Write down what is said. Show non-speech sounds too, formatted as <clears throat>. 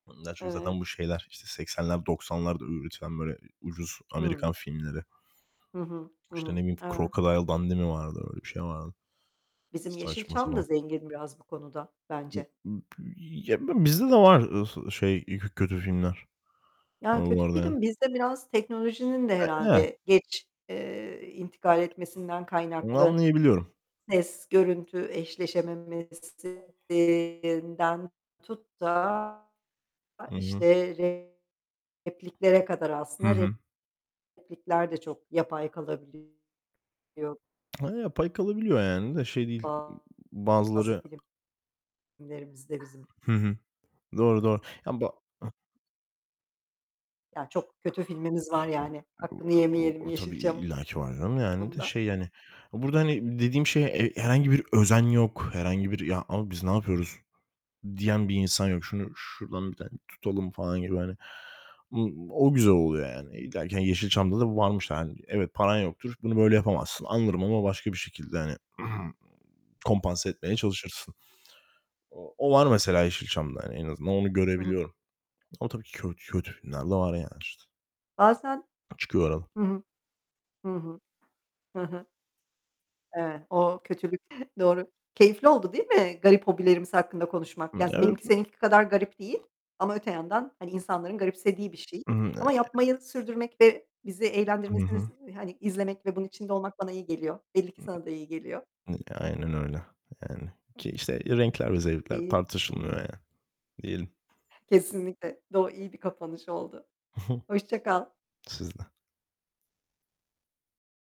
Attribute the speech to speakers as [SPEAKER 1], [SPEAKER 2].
[SPEAKER 1] Bunlar zaten
[SPEAKER 2] Evet.
[SPEAKER 1] bu şeyler, işte, 80'ler 90'larda ü üretilen böyle ucuz
[SPEAKER 2] Hı.
[SPEAKER 1] Amerikan filmleri.
[SPEAKER 2] Hı hı, hı
[SPEAKER 1] İşte, ne
[SPEAKER 2] hı.
[SPEAKER 1] bileyim,
[SPEAKER 2] Evet.
[SPEAKER 1] Crocodile Dundee mi vardı, öyle bir şey vardı.
[SPEAKER 2] Bizim
[SPEAKER 1] Saçma
[SPEAKER 2] Yeşilçam da
[SPEAKER 1] sapan.
[SPEAKER 2] zengin biraz bu konuda,
[SPEAKER 1] B
[SPEAKER 2] bence.
[SPEAKER 1] b ya, b bilmiyorum bizde de var, ııı, şey, ııı, k kötü filmler,
[SPEAKER 2] Ya,
[SPEAKER 1] ııı, bu
[SPEAKER 2] kötü
[SPEAKER 1] arada.
[SPEAKER 2] film bizde biraz teknolojinin de
[SPEAKER 1] <unintelligible>
[SPEAKER 2] herhâlde geç, eee, intikal etmesinden
[SPEAKER 1] Onu
[SPEAKER 2] kaynaklı
[SPEAKER 1] anlayabiliyorum.
[SPEAKER 2] ses, görüntü eşleşememesinden tut da
[SPEAKER 1] Hı hı.
[SPEAKER 2] işte repliklere kadar
[SPEAKER 1] Hı
[SPEAKER 2] aslında.
[SPEAKER 1] hı.
[SPEAKER 2] Replikler de çok yapay kalabiliyor.
[SPEAKER 1] Ha, pay kalabiliyor, yani, de şey değil,
[SPEAKER 2] Bazı
[SPEAKER 1] bazıları...
[SPEAKER 2] filmlerimizde bizim.
[SPEAKER 1] Hı hı. Doğru, doğru. Yani ba Hı.
[SPEAKER 2] Ya, çok kötü filmimiz var yani. Hakkını
[SPEAKER 1] O
[SPEAKER 2] yemeyelim
[SPEAKER 1] o tabii
[SPEAKER 2] Yeşilçam'ın bu
[SPEAKER 1] illaki var canım yani de
[SPEAKER 2] konuda.
[SPEAKER 1] şey yani, burada hani dediğim şey, e herhangi bir özen yok, herhangi bir "Ya, ama biz ne yapıyoruz?" diyen bir insan yok. "Şunu şuradan bir tane tutalım." falan gibi hani, o o güzel oluyor yani. İllaki, hani, Yeşilçam'da da bu varmış yani. Evet, paran yoktur, bunu böyle yapamazsın, anlarım ama başka bir şekilde hani <clears throat> kompanse etmeye çalışırsın. O o var mesela Yeşilçam'da hani, en azından onu
[SPEAKER 2] Hı hı.
[SPEAKER 1] görebiliyorum. Ama tabii ki kötü kötü filmler de var yani işte.
[SPEAKER 2] Bazen
[SPEAKER 1] Çıkıyor arada.
[SPEAKER 2] Hı hı. Hı hı. Hı hı. Evet, o kötülük <chuckles> doğru. Keyifli oldu değil mi garip hobilerimiz hakkında konuşmak?
[SPEAKER 1] Hı,
[SPEAKER 2] Ya z
[SPEAKER 1] evet.
[SPEAKER 2] benimki seninki kadar garip değil ama öte yandan, hani, insanların garipsediği bir şey.
[SPEAKER 1] Iıı
[SPEAKER 2] Ama yapmayı sürdürmek ve bizi
[SPEAKER 1] Hı hı.
[SPEAKER 2] eğlendirmesini, hani izlemek ve bunun içinde olmak bana iyi geliyor. Belli ki
[SPEAKER 1] Hı.
[SPEAKER 2] sana da iyi geliyor.
[SPEAKER 1] N aynen öyle. Yani, ki, işte, renkler ve zevkler
[SPEAKER 2] Değil. Hı hı.
[SPEAKER 1] tartışılmıyor yani, diyelim.
[SPEAKER 2] Kesinlikle. Do iyi bir kapanış oldu.
[SPEAKER 1] Hı hı.
[SPEAKER 2] Hoşça kal.
[SPEAKER 1] Siz de.